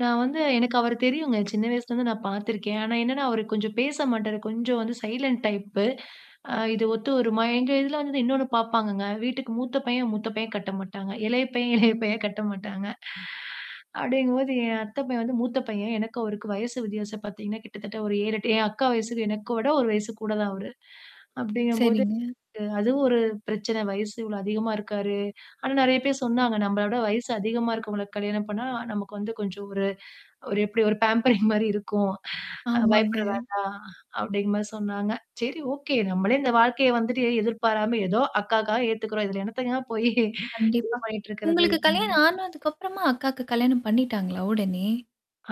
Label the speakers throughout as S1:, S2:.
S1: நான் வந்து எனக்கு அவரு தெரியுங்க. சின்ன வயசுலருந்து நான் பார்த்துருக்கேன். ஆனா என்னன்னா அவரு கொஞ்சம் பேச மாட்டாரு. கொஞ்சம் வந்து சைலன்ட் டைப். அ இது ஒத்து ஒருமா எங்க இதுல வந்து இன்னொன்னு பார்ப்பாங்கங்க. வீட்டுக்கு மூத்த பையன் மூத்த பையன் கட்ட மாட்டாங்க. இளைய பையன், இளையப்பையன் கட்ட மாட்டாங்க. அப்படிங்கும்போது என் அத்தைப்பையன் வந்து மூத்த பையன் எனக்கு அவருக்கு வயசு வித்தியாசம் பார்த்தீங்கன்னா, கிட்டத்தட்ட ஒரு 7, 8 என் அக்கா வயசுக்கு எனக்கு விட 1 வயசு கூட தான் அவரு. அப்படிங்கும்போது.
S2: சரிங்க.
S1: அ அதுவும் ஒரு பிரச்சன. வயசு இவ்வளோ அதிகமா இருக்காரு. ஆனா நெறைய பேர் சொன்னாங்க. நம்மளோட வயசு அதிகமா இருக்கவங்களுக்கு கல்யாணம் பண்ணா, நமக்கு வந்து கொஞ்சம் ஒரு ஒரு எப்படி ஒரு பேம்பரிங் மாரி இருக்கும். அ
S2: ஆமாங்க.
S1: பயப்பட வேண்டாம். அப்படிங்க மாரி சொன்னாங்க. சரி ஓகே. நம்மளே இந்த வாழ்க்கைய வந்துட்டு எதிர்பாராம ஏதோ அக்காகாக ஏத்துக்கறோம். இ இதில எண்ணத்தங்க போய் இது
S2: கண்டிப்பா.
S1: பண்ணிட்டு இருக்குறது.
S2: உங்களுக்கு கல்யாணம் ஆனதுக்கப்புறமா அக்காக்கு கல்யாணம் பண்ணிட்டாங்களா உடனே?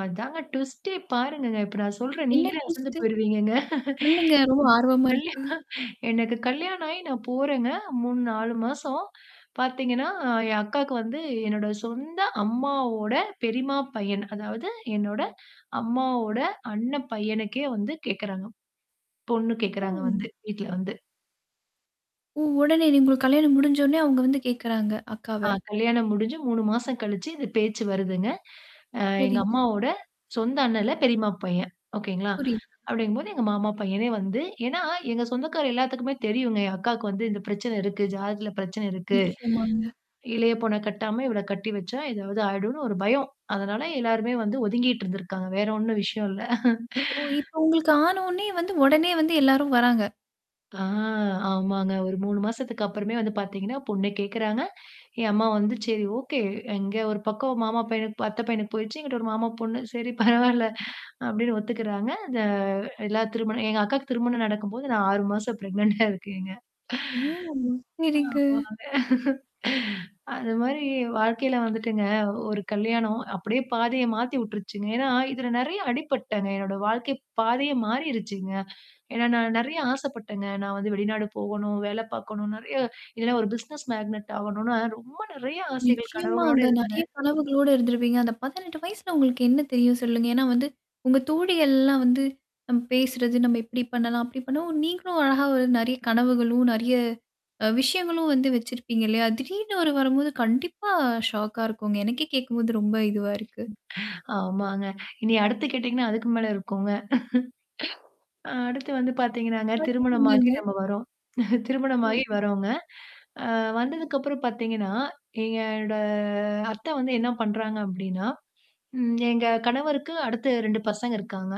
S1: அதாங்க டுவிஸ்டே பாருங்கங்க. இப்ப நான் சொல்றேன்.
S2: என்ன
S1: நீங்களே அசந்து
S2: ட்விஸட்டு?
S1: போயிருவீங்கங்க.
S2: சொல்லுங்க. ரொம்ப ஆர்வமா
S1: கல்யா
S2: இருக்கு.
S1: அ எனக்கு கல்யாணம் ஆயி நான் போறேங்க. 3, 4 மாசம். பாத்தீங்கன்னா என் அக்காக்கு வந்து என்னோட சொந்த அம்மாவோட பெரியம்மா பையன். அதாவது என்னோட அம்மாவோட அண்ணன் பையனுக்கே வந்து கேட்கறாங்க. பொண்ணு கேட்கறாங்க
S2: ம்.
S1: வந்து. வீட்ல வந்து.
S2: ஓ! உடனே உங்களுக்கு கல்யாணம் முடிஞ்ச உடனே அவங்க வந்து கேட்கறாங்க அக்காவ.
S1: ஆ கல்யாணம் முடிஞ்சு 3 மாசம் கழிச்சு இது பேச்சு வருதுங்க. அ எங்க
S2: சரிங்க.
S1: அம்மாவோட சொந்த அண்ணன் இல்ல பெரியம்மா பையன். ஓகேங்களா?
S2: புரியுது.
S1: அப்படிங்கும்போது எங்க மாமா பையனே வந்து. ஏன்னா எங்க சொந்தக்கார எல்லாத்துக்குமே தெரியுங்க. என் அக்காவுக்கு வந்து இந்த பிரச்சனை இருக்கு, ஜாதத்தில பிரச்சனை இருக்கு.
S2: நிச்சயமாங்க.
S1: இளைய பொண்ண கட்டாம இவள கட்டி வச்சா ஏதாவது ஆயிடும்னு ஒரு பயம். அதனால எல்லாருமே வந்து ஒதுங்கிட்டு இருந்திருக்காங்க. வேற ஒண்ணும் விஷயம் இல்ல.
S2: ஓ! இப்ப உங்களுக்கு ஆன உடனே வந்து உடனே வந்து எல்லாரும் வராங்க.
S1: ஆ ஆமாங்க. ஒரு 3 மாசத்துக்கு அப்புறமே வந்து பார்த்தீங்கன்னா பொண்ணு கேட்குறாங்க. என் அம்மா வந்து சரி ஓகே. எங்க ஒரு பக்கம் மாமா பையனுக்கு அத்த பையனுக்கு போயிடுச்சு. எனங்கிட்ட ஒரு மாமா பொண்ணு. சரி, பரவால்ல. அப்படின்னு ஒத்துக்கறாங்க. இந்த எல்லா திருமண எங்க அக்காவுக்கு திருமணம் நடக்கும்போது நான் 6 மாசம் ப்ரெக்னென்டா இருக்கேங்க.
S2: ஓ!
S1: ஆ
S2: சரிங்க.
S1: ஆமாங்க. அது மாரி வாழ்க்கையில வந்துட்டுங்க ஒரு கல்யாணம் அப்படியே பாதைய மாத்தி விட்டுருச்சுங்க. ஏன்னா, இதுல நெறைய அடிப்பட்டுடேன்ங்க. என்னோட வாழ்க்கை பாதையே மாறிருச்சுங்க. ஏன்னா நான் நெறைய ஆசைப்பட்டேங்க. நான் வந்து வெளிநாடு போகணும், வேல பார்க்கணும். நறைய இல்லன்னா ஒரு பிசினஸ் மேக்னெட் ஆகணும்னா ரொம்ப நெறைய ஆசைகள் கனவுகளோடு
S2: நிச்சயமாங்க. நெறைய
S1: இருந்தேன்.
S2: கனவுகளோடு இருந்திருப்பீங்க. அந்த 18 வயசுல உங்களுக்கு என்ன தெரியும் சொல்லுங்க. ஏன்னா வந்து உங்க தோழிகள்லாம் வந்து நம்ப பேசுறது நம்ம எப்படி பண்ணலாம். அப்படி பண்ணலாம் நீங்களும் அழகா வந்து நெறைய கனவுகளும், நறைய அ விஷயங்களும் வந்து வச்சிருப்பீங்க. இல்லையா? திடீர்னு ஒரு வரும்போது கண்டிப்பா ஷாக்கா இருக்குங்க. எனக்கே கேட்கும்போது ரொம்ப இதுவா இருக்கு.
S1: ஆமாங்க. இன அடுத்து கேட்டீங்கன்னா, அதுக்கு மேல இருக்குங்க. ஆ. அடுத்து வந்து பார்த்தீங்கன்னாங்க திருமணமாகி
S2: வரச்சொன்னீங்க.
S1: நம்ம வரோம். திருமணமாகி வரோங்க. அ வந்ததுக்கப்புறம் பார்த்தீங்கன்னா, என்னோட அத்தை வந்து என்ன பண்றாங்க அப்படின்னா ம். எங்க கணவருக்கு, அடுத்து 2 பசங்க இருக்காங்க.